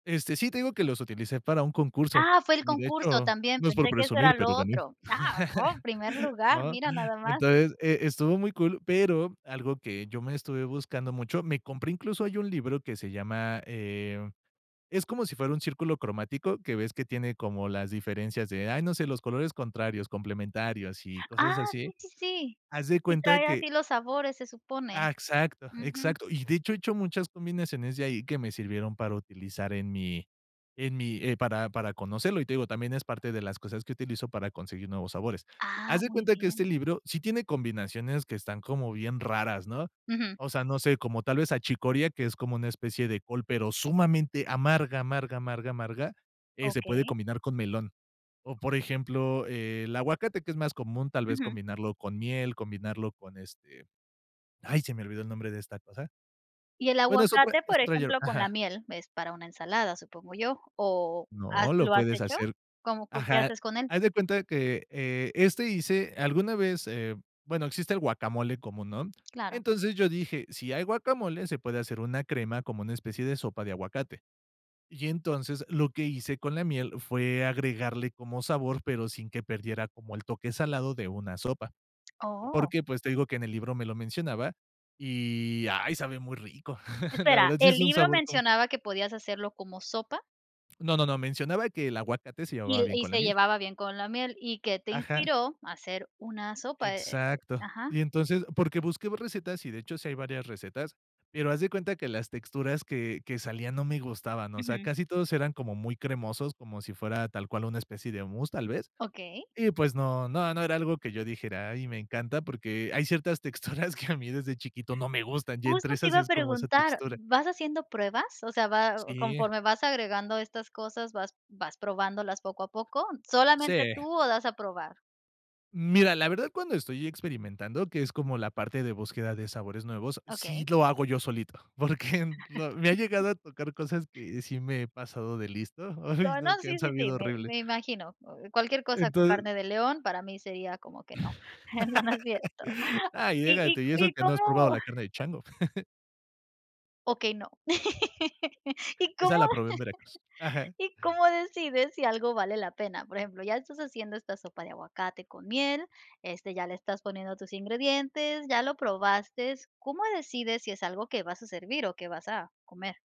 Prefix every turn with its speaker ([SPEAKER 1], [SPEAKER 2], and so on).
[SPEAKER 1] Este, sí, te digo que los utilicé para un concurso,
[SPEAKER 2] ¡Ah, fue el
[SPEAKER 1] y de
[SPEAKER 2] concurso
[SPEAKER 1] hecho,
[SPEAKER 2] también!,
[SPEAKER 1] no es por
[SPEAKER 2] pensé que eso
[SPEAKER 1] presumir,
[SPEAKER 2] era lo
[SPEAKER 1] pero gané,
[SPEAKER 2] otro. ¡Ah, oh, primer lugar!,
[SPEAKER 1] ¿no?
[SPEAKER 2] mira, nada más.
[SPEAKER 1] Entonces, eh, estuvo muy cool, pero algo que yo me estuve buscando mucho, me compré incluso ahí un libro que se llama, eh, es como si fuera un círculo cromático, que ves que tiene como las diferencias de, ¡ay, no sé!, los colores contrarios, complementarios, sí,
[SPEAKER 2] Ah,
[SPEAKER 1] cosas así,
[SPEAKER 2] sí, sí, sí,
[SPEAKER 1] haz de
[SPEAKER 2] y
[SPEAKER 1] cuenta
[SPEAKER 2] trae
[SPEAKER 1] que
[SPEAKER 2] así los sabores, se
[SPEAKER 1] Ah,
[SPEAKER 2] supone,
[SPEAKER 1] exacto,
[SPEAKER 2] ujú.
[SPEAKER 1] exacto. Y, de hecho, he hecho muchas combinaciones de ahí que me sirvieron para utilizar en mi en mi, eh, para para conocerlo y, te digo, también es parte de las cosas que utilizo para conseguir nuevos sabores.
[SPEAKER 2] Ah,
[SPEAKER 1] Haz de
[SPEAKER 2] muy
[SPEAKER 1] cuenta que este
[SPEAKER 2] bien.
[SPEAKER 1] libro sí tiene combinaciones que están como bien raras, ¿no?
[SPEAKER 2] Ujú.
[SPEAKER 1] O sea, no sé, como tal vez achicoria, que es como una especie de col, pero sumamente amarga, amarga, amarga, amarga, eh, se puede
[SPEAKER 2] Okey.
[SPEAKER 1] combinar con melón o, por ejemplo, el aguacate, que es más común, tal vez
[SPEAKER 2] Ujú.
[SPEAKER 1] combinarlo con miel, combinarlo con, este, ¡ay!, se me olvidó el nombre de esta cosa
[SPEAKER 2] Y el
[SPEAKER 1] bueno, es otra
[SPEAKER 2] aguacate,
[SPEAKER 1] es
[SPEAKER 2] por
[SPEAKER 1] otra yerb
[SPEAKER 2] ejemplo, con la
[SPEAKER 1] Ajá.
[SPEAKER 2] miel, es para una ensalada, supongo yo, o has
[SPEAKER 1] No, lo
[SPEAKER 2] ¿lo has
[SPEAKER 1] puedes
[SPEAKER 2] hecho?
[SPEAKER 1] hacer
[SPEAKER 2] ¿Cómo, co qué
[SPEAKER 1] Ajá,
[SPEAKER 2] haces con él?
[SPEAKER 1] haz de cuenta que, eh, este hice alguna vez, eh, bueno, existe guacamole común, ¿no?,
[SPEAKER 2] Claro.
[SPEAKER 1] entonces, yo dije: "Si hay guacamole, se puede hacer una crema como una especie de sopa de aguacate". Y entonces, lo que hice con la miel fue agregarle como sabor, pero sin que perdiera como el toque salado de una sopa,
[SPEAKER 2] ¡Oh!
[SPEAKER 1] porque, pues, te digo que en el libro me lo mencionaba y, ¡ay, sabe muy rico!, la
[SPEAKER 2] Espera,
[SPEAKER 1] verdad, sí es
[SPEAKER 2] ¿el
[SPEAKER 1] un
[SPEAKER 2] libro
[SPEAKER 1] sabor como
[SPEAKER 2] mencionaba que podías hacerlo como sopa?
[SPEAKER 1] No, no, no, mencionaba que el aguacate se
[SPEAKER 2] Y
[SPEAKER 1] llevaba
[SPEAKER 2] l
[SPEAKER 1] bien
[SPEAKER 2] y
[SPEAKER 1] con la
[SPEAKER 2] se
[SPEAKER 1] miel.
[SPEAKER 2] llevaba bien con la miel, ¿y que te
[SPEAKER 1] Ajá.
[SPEAKER 2] inspiró a hacer una sopa?, eh, eh
[SPEAKER 1] Exacto,
[SPEAKER 2] ajá.
[SPEAKER 1] y entonces, porque busqué recetas y, de hecho, sí hay varias recetas, pero haz de cuenta que las texturas que que salía no me gustaban, o sea,
[SPEAKER 2] Ujú.
[SPEAKER 1] casi todos eran como muy cremosos, como si fuera tal cual una especie de mousse tal vez,
[SPEAKER 2] Okey.
[SPEAKER 1] y pues no, no, no era algo que yo dijera: "Ay, me encanta", porque hay ciertas texturas que a mí desde chiquito no me gustan, y
[SPEAKER 2] Justo
[SPEAKER 1] entre
[SPEAKER 2] te
[SPEAKER 1] esas
[SPEAKER 2] iba a
[SPEAKER 1] es como esa
[SPEAKER 2] preguntar,
[SPEAKER 1] textura.
[SPEAKER 2] ¿vas haciendo pruebas? O sea, va,
[SPEAKER 1] Sí.
[SPEAKER 2] conforme vas agregando estas cosas, vas vas probándolas poco a poco, ¿solamente
[SPEAKER 1] Sí.
[SPEAKER 2] tú o das a probar?
[SPEAKER 1] Mira, la verdad, cuando estoy experimentando, que es como la parte de búsqueda de sabores nuevos,
[SPEAKER 2] Okey.
[SPEAKER 1] sí lo hago yo solito, porque lo me ha llegado a tocar cosas que sí me he pasado de listo, ay,
[SPEAKER 2] No no,
[SPEAKER 1] no, que
[SPEAKER 2] sí,
[SPEAKER 1] han
[SPEAKER 2] sí, sí,
[SPEAKER 1] sabido
[SPEAKER 2] me
[SPEAKER 1] horrible.
[SPEAKER 2] me imagino, o cualquier cosa con
[SPEAKER 1] Entonces.
[SPEAKER 2] carne de león para mí sería como que no, eh, no, no es cierto,
[SPEAKER 1] Ah, y
[SPEAKER 2] ¿y
[SPEAKER 1] llégate, y
[SPEAKER 2] y
[SPEAKER 1] eso
[SPEAKER 2] y
[SPEAKER 1] que no
[SPEAKER 2] cómo-?
[SPEAKER 1] has probado la carne de chango.
[SPEAKER 2] Okey, no, ¿y cómo
[SPEAKER 1] Esa la probé en Veracruz Ajá.
[SPEAKER 2] y cómo decides si algo vale la pena?, por ejemplo, ya estás haciendo esta sopa de aguacate con miel, este, ya le estás poniendo tus ingredientes, ya lo probaste, ¿cómo decides si es algo que vas a servir o que vas a comer?